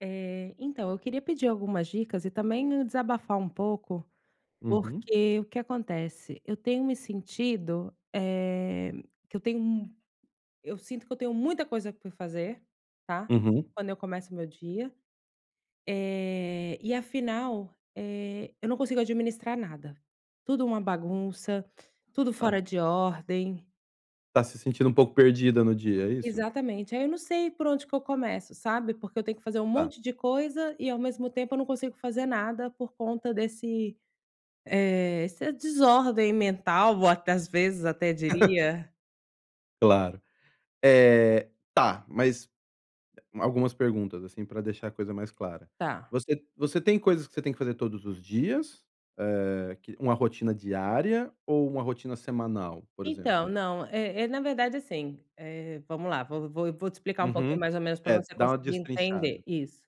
Eh, então, eu queria pedir algumas dicas e também me desabafar um pouco, Uhum. porque o que acontece? Eu tenho me sentido, eh, que eu tenho um eu sinto que eu tenho muita coisa pra fazer, tá? Uhum. Quando eu começo meu dia. Eh, e afinal, eh, eu não consigo administrar nada. Tudo uma bagunça, tudo Tá. fora de ordem. Tá se sentindo um pouco perdida no dia, é isso? Exatamente, aí eu não sei por onde que eu começo, sabe? Porque eu tenho que fazer um Tá. monte de coisa e ao mesmo tempo eu não consigo fazer nada por conta desse, eh, essa desordem mental, ou até às vezes até diria. Claro. eh, tá, mas algumas perguntas, assim, pra deixar a coisa mais clara. Tá. Você você tem coisas que você tem que fazer todos os dias, eh, que uma rotina diária ou uma rotina semanal, por Então, exemplo? não, é é na verdade, assim, eh, vamo lá, vou vou vou te explicar um pouquinho Uhum. mais ou menos pra É, você dá uma conseguir entender destrinchada. isso.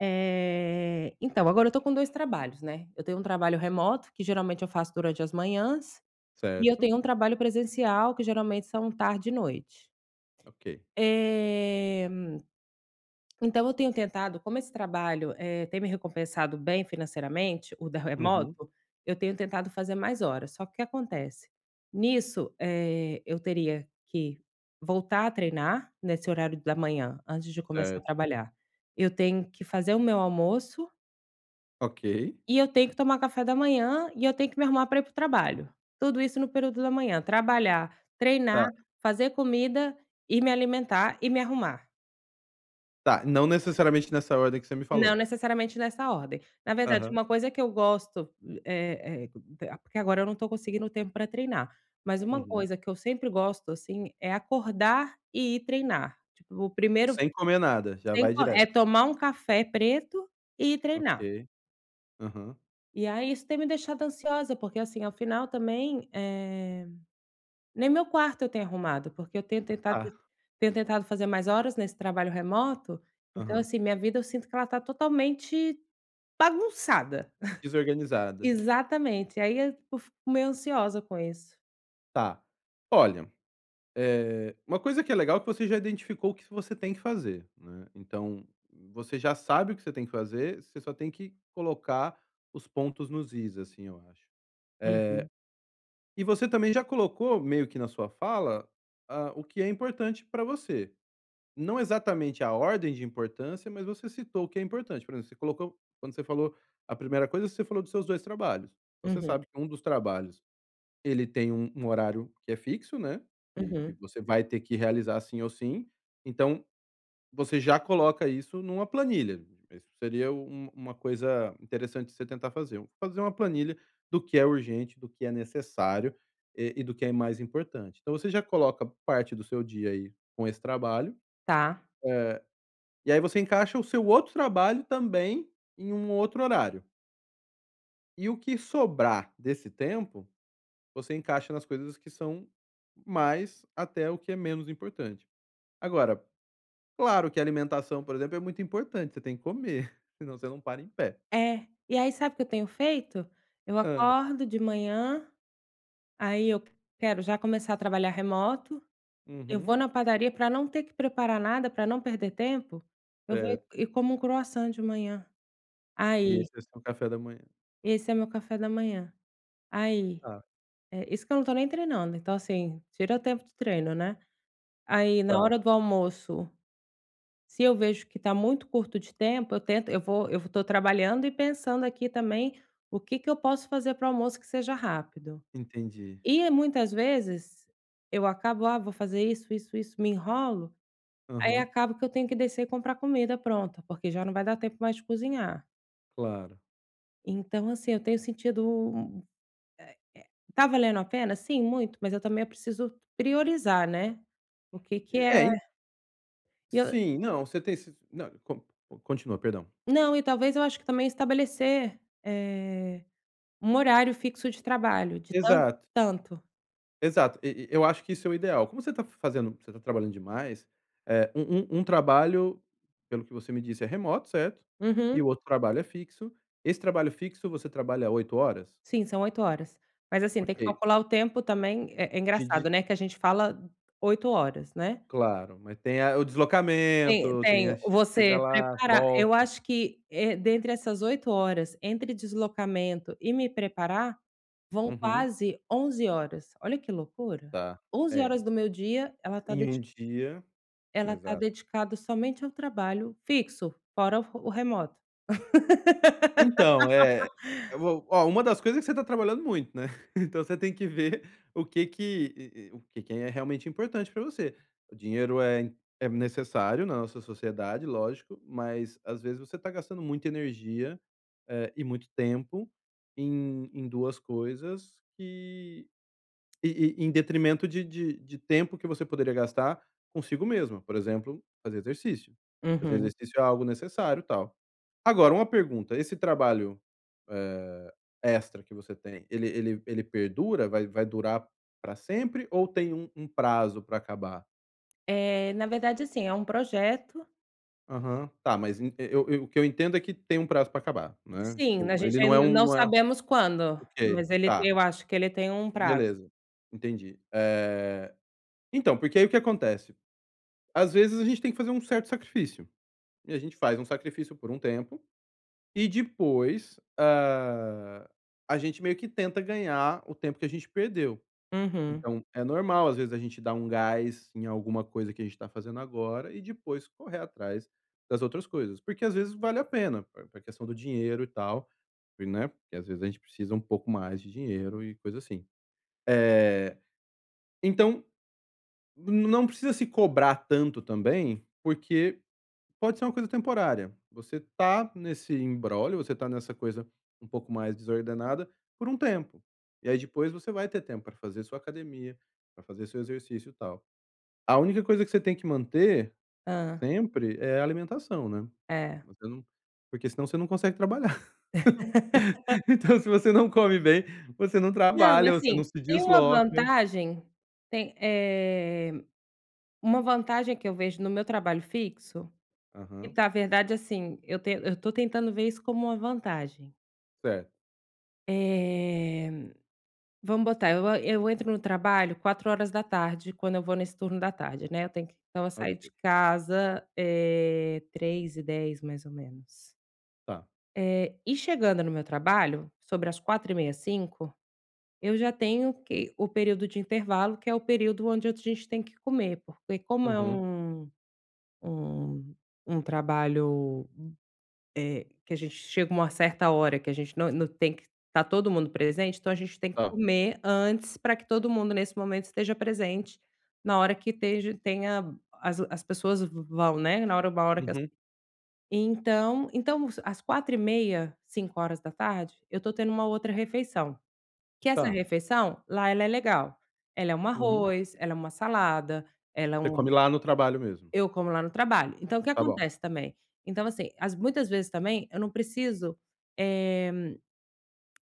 Eh, então, agora eu tô com 2 trabalhos, né. Eu tenho um trabalho remoto, que geralmente eu faço durante as manhãs, e eu Certo. tenho um trabalho presencial, que geralmente são tarde e noite. Ok. Eh, então eu tenho tentado, como esse trabalho, eh, tem me recompensado bem financeiramente, o da Uhum. remoto, eu tenho tentado fazer mais horas. Só que o que acontece? Nisso, eh, eu teria que voltar a treinar nesse horário da manhã, antes de começar a Certo. trabalhar. Eu tenho que fazer o meu almoço Ok. E eu tenho que tomar café da manhã e eu tenho que me arrumar para ir para o trabalho. Tudo isso no período da manhã: trabalhar, treinar, Tá. fazer comida e me alimentar e me arrumar. Tá, não necessariamente nessa ordem que você me Não falou? necessariamente nessa ordem. Na verdade, Aham. uma coisa que eu gosto, eh eh porque agora eu não estou conseguindo tempo para treinar, mas uma Uhum. coisa que eu sempre gosto, assim, é acordar e ir treinar. Tipo, primeiro Sem comer nada, já sem vai co é direto. tomar um café preto e ir treinar. Ok. Aham. E aí isso tem me deixado ansiosa, porque assim, ao final também, eh, nem meu quarto eu tenho arrumado, porque eu tenho tentado Tá. tenho tentado fazer mais horas nesse trabalho remoto. Então Aham. assim, minha vida eu sinto que ela tá totalmente bagunçada. Desorganizada. Exatamente, aí eu fico meio ansiosa com isso. Tá. Olha, É. eh, uma coisa que é legal que você já identificou o que você tem que fazer, né. Então, você já sabe o que você tem que fazer, você só tem que colocar os pontos nos is, assim, eu acho. Eh, Uhum. e você também já colocou meio que na sua fala, hã, o que é importante para você. Não exatamente a ordem de importância, mas você citou o que é importante. Por exemplo, você colocou quando você falou a primeira coisa, você falou dos seus 2 trabalhos. Então você Uhum. sabe que um dos trabalhos, ele tem um um horário que é fixo, né. E que Uhum. você vai ter que realizar sim ou sim. Então, você já coloca isso numa planilha. Isso seria u uma coisa interessante de você tentar fazer. Fazer uma planilha do que é urgente, do que é necessário, e e do que é mais importante. Então você já coloca parte do seu dia aí com esse trabalho. Tá. Eh, e aí você encaixa o seu outro trabalho também em um outro horário. E o que sobrar desse tempo, você encaixa nas coisas que são mais, até o que é menos importante. Agora, claro que alimentação, por exemplo, é muito importante, você tem que comer, senão você não para em pé. É, e aí sabe o que eu tenho feito? Eu Hã. acordo de manhã, aí eu quero já começar a trabalhar remoto, eu vou Uhum. na padaria para não ter que preparar nada, para não perder tempo, eu vou Certo. e como um croissant de manhã. E Aí esse é seu café da manhã. Esse é meu café da manhã. Aí, Tá. é, isso que eu não estou nem treinando, então assim, tira o tempo de treino, né? Aí na Tá. hora do almoço, se eu vejo que tá muito curto de tempo, eu tento eu vou eu estou trabalhando e pensando aqui também o que que eu posso fazer para o almoço que seja rápido. Entendi. E muitas vezes eu acabo: "Ah, vou fazer isso, isso, isso", me enrolo, aí Aham. acaba que eu tenho que descer e comprar comida pronta, porque já não vai dar tempo mais de cozinhar. Claro. Então assim, eu tenho sentido eh eh, tá valendo a pena? Sim, muito, mas eu também preciso priorizar, né? O que que é É, en e eu sim, não, você tem se não, con continua, perdão. Não, e talvez eu acho que também estabelecer, eh, um horário fixo de trabalho, de tanto Exato. a tanto. Exato. E e eu acho que isso é o ideal. Como você tá f fazendo, você tá trabalhando demais. É, um um um trabalho, pelo que você me disse, é remoto, certo? E Uhum. o outro trabalho é fixo. Esse trabalho fixo, você trabalha 8 horas? Sim, são 8 horas, mas assim, tem que Ok. calcular o tempo também. É De, de engraçado, né, que a gente fala 8 horas, né? claro, mas tem a o Tem deslocamento, tem tenho a chega você lá, preparar Eu volta. acho que, eh, dentre essas 8 horas, entre deslocamento e me preparar, vão Uhum. quase 11 horas. Olha que loucura. Tá. 11 É. horas do meu dia, ela tá Em dedi 1 dia. ela tá Exato. dedicada somente ao trabalho fixo, fora o o remoto. Então, eh, eu vou ó, uma das coisas é que você está trabalhando muito, né? Então você tem que ver o que que e e o que que é realmente importante para você. O dinheiro é em é necessário na nossa sociedade, lógico, mas às vezes você está gastando muita energia, eh, e muito tempo em em 2 coisas que e e em detrimento de de de tempo que você poderia gastar consigo mesma. Por exemplo, fazer exercício. Fazer Uhum. exercício é algo necessário, tal. Agora, uma pergunta: esse trabalho, eh, extra que você tem, ele ele ele perdura? Vai vai durar para sempre ou tem um um prazo para acabar? Eh, na verdade, assim, é um projeto Aham. Tá, mas en eu eu o que eu entendo é que tem um prazo pra acabar, né. Sim, né, Tipo, a gente ele não é ainda um não não é sabemos quando, ok, mas ele tá. eu acho que ele tem um prazo. Beleza, entendi. Eh, então, porque aí o que acontece? Às vezes a gente tem que fazer um certo sacrifício e a gente faz um sacrifício por um tempo e depois, hã, a gente meio que tenta ganhar o tempo que a gente perdeu. Uhum. Então é normal, às vezes a gente dar um gás em alguma coisa que a gente tá fazendo agora e depois correr atrás das outras coisas. Porque às vezes vale a pena, pr pra questão do dinheiro, e tal, né. Porque às vezes a gente precisa um pouco mais de dinheiro e coisa assim. Eh, então, n não precisa se cobrar tanto também, porque pode ser uma coisa temporária. Você tá nesse imbróglio, você tá nessa coisa um pouco mais desordenada por um tempo. E aí depois você vai ter tempo pra fazer sua academia, pra fazer seu exercício, tal. A única coisa que você tem que manter Hã. sempre é a alimentação, né. É. Você não porque senão você não consegue trabalhar. Então se você não come bem, você não Não, trabalha, você assim, não se tem uma desloca. vantagem, tem, eh, uma vantagem que eu vejo no meu trabalho fixo, que Aham. na verdade, assim, eu ten eu tô tentando ver isso como uma vantagem. Certo. Eh, vamos botar, eu a eu entro no trabalho 16h, quando eu vou nesse turno da tarde, né, eu tenho que então, eu saio Ok. de casa, eh, 15h10 mais ou menos. Tá. Eh, e chegando no meu trabalho, sobre as 16h30, 17h, eu já tenho que o período de intervalo, que é o período onde a gente tem que comer, porque como é Uhum. um um um trabalho, hu eh, que a gente chega uma certa hora que a gente não não tem que tá todo mundo presente, então, a gente tem que Hã? comer antes pra que todo mundo nesse momento esteja presente na hora que esteja tenha as as pessoas v vão, né, na hora uma hora que as Uhum. Então então às 16h30, 17h eu tô tendo uma outra refeição, que essa Tá. refeição lá ela é legal, ela é um Uhum. arroz, ela é uma salada, ela é Você um come lá no trabalho mesmo? Eu como lá no trabalho. Então, o que Tá bom. acontece também? Então, assim, às muitas vezes também eu não preciso, eh,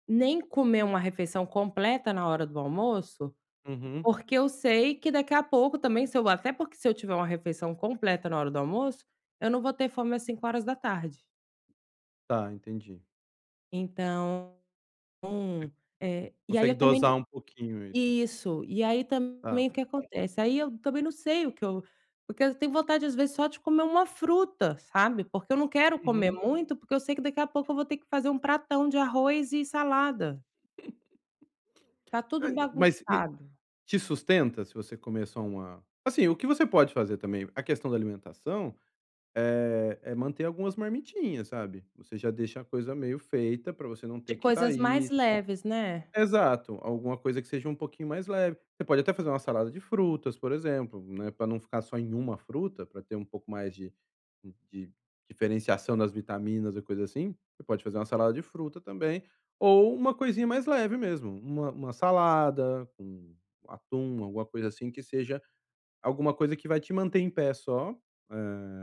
nem comer uma refeição completa na hora do almoço, Uhum. porque eu sei que daqui a pouco também se eu até porque se eu tiver uma refeição completa na hora do almoço, eu não vou ter fome às 17h. Tá, entendi. Então, [unintelligible] um, é e aí Consegue eu também dosar um pouquinho ai. isso, e aí Ah. também o que acontece? Aí eu também não sei o que eu porque eu tenho vontade às vezes só de comer uma fruta, sabe? Porque eu não quero comer Uhum. muito, porque eu sei que daqui a pouco eu vou ter que fazer um pratão de arroz e salada. Tá tudo Mas bagunçado. te sustenta se você comer só uma assim, o que você pode fazer também, a questão da alimentação, eh, é manter algumas marmitinhas, sabe? Você já deixa a coisa meio feita pra você não De ter que coisas sair, mais e leves, né? tal. Exato, alguma coisa que seja um pouquinho mais leve. Você pode até fazer uma salada de frutas, por exemplo, né, pra não ficar só em uma fruta, pra ter um pouco mais de de diferenciação das vitaminas ou coisa assim. Você pode fazer uma salada de fruta também ou uma coisinha mais leve mesmo, uma uma salada com atum, alguma coisa assim, que seja alguma coisa que vai te manter em pé só, eh,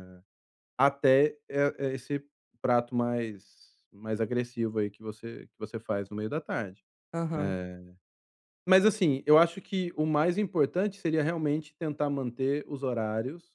até e esse prato mais mais agressivo aí que você, que você faz no meio da tarde. Aham. Eh, mas assim, eu acho que o mais importante seria realmente tentar manter os horários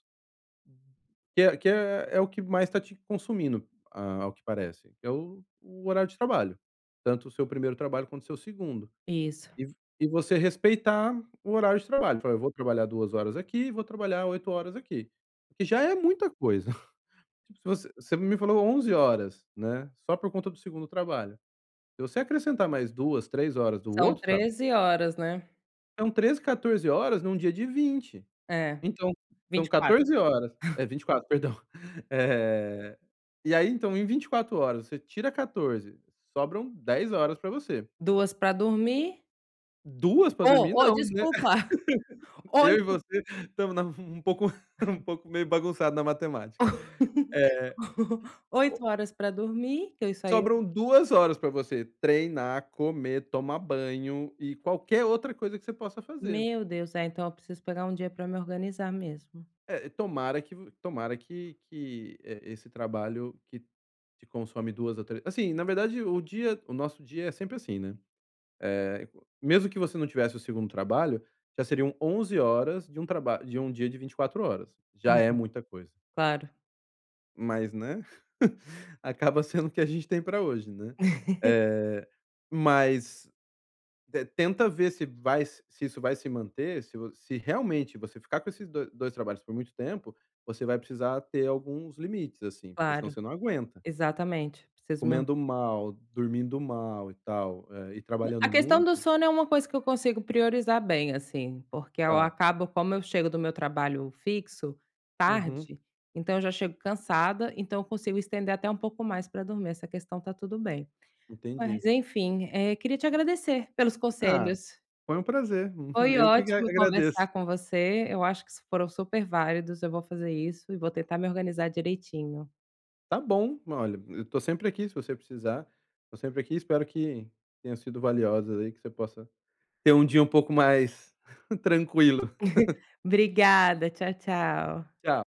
que é que é o que mais tá te consumindo, ao que parece, que é o o horário de trabalho, tanto o seu 1º trabalho, quanto o seu 2º. Isso. E v e você respeitar o horário de trabalho. Fala: "Eu vou trabalhar 2 horas aqui, vou trabalhar 8 horas aqui", que já é muita coisa. Tipo, se voc você me falou 11 horas, né, só por conta do 2º trabalho. Se você acrescentar mais 2, 3 horas do São outro traba 13 horas, né? São 13, 14 horas num dia de 20. É, Então, vinte são e quatro. 14 horas é, 24, perdão. Eh, e aí então em 24 horas, você tira 14, sobram 10 horas pra você. 2 pra dormir. 2 pra dormir, Ô ô, não, né. desculpa, Eu e 8. você estamos na um pouco um pouco meio bagunçado na matemática. Eh, 8 o horas pra dormir, que eu isso aí eu Sobram 2 horas pra você treinar, comer, tomar banho e qualquer outra coisa que você possa fazer. Meu Deus, é, então eu preciso pegar um dia pra me organizar mesmo. É, tomara que v tomara que, que e esse trabalho que te consome 2 ou trê assim, na verdade, o dia o nosso dia é sempre assim, né. Eh, mesmo que você não tivesse o 2º trabalho, já seriam 11 horas de um traba de um dia de 24 horas. Já Uhum, é muita coisa. claro. Mas né, acaba sendo o que a gente tem pra hoje, né. Eh, mas tenta ver se vai s se isso vai se manter, se vo se realmente você ficar com esses do dois trabalhos por muito tempo, você vai precisar ter alguns limites assim, porque senão Claro, você não aguenta. exatamente, preciso me or Comendo mal, dormindo mal e tal, e e A trabalhando questão do muito. sono é uma coisa que eu consigo priorizar bem, assim, porque eu Tá. acabo, como eu chego do meu trabalho fixo, Uhum. tarde, então eu já chego cansada, então eu consigo estender até um pouco mais pra dormir. Essa questão tá tudo bem. Entendi. Mas enfim, é, queria te agradecer pelos Ah, conselhos. foi um prazer. Foi Eu que a ótimo conversar agradeço. com você, eu acho que foram super válidos. Eu vou fazer isso e vou tentar me organizar direitinho. Tá bom. Olha, eu tô sempre aqui, se você precisar, tô sempre aqui. Espero que tenha sido valiosa aí, que você possa ter um dia um pouco mais tranquilo. Obrigada. Tchau, tchau. Tchau.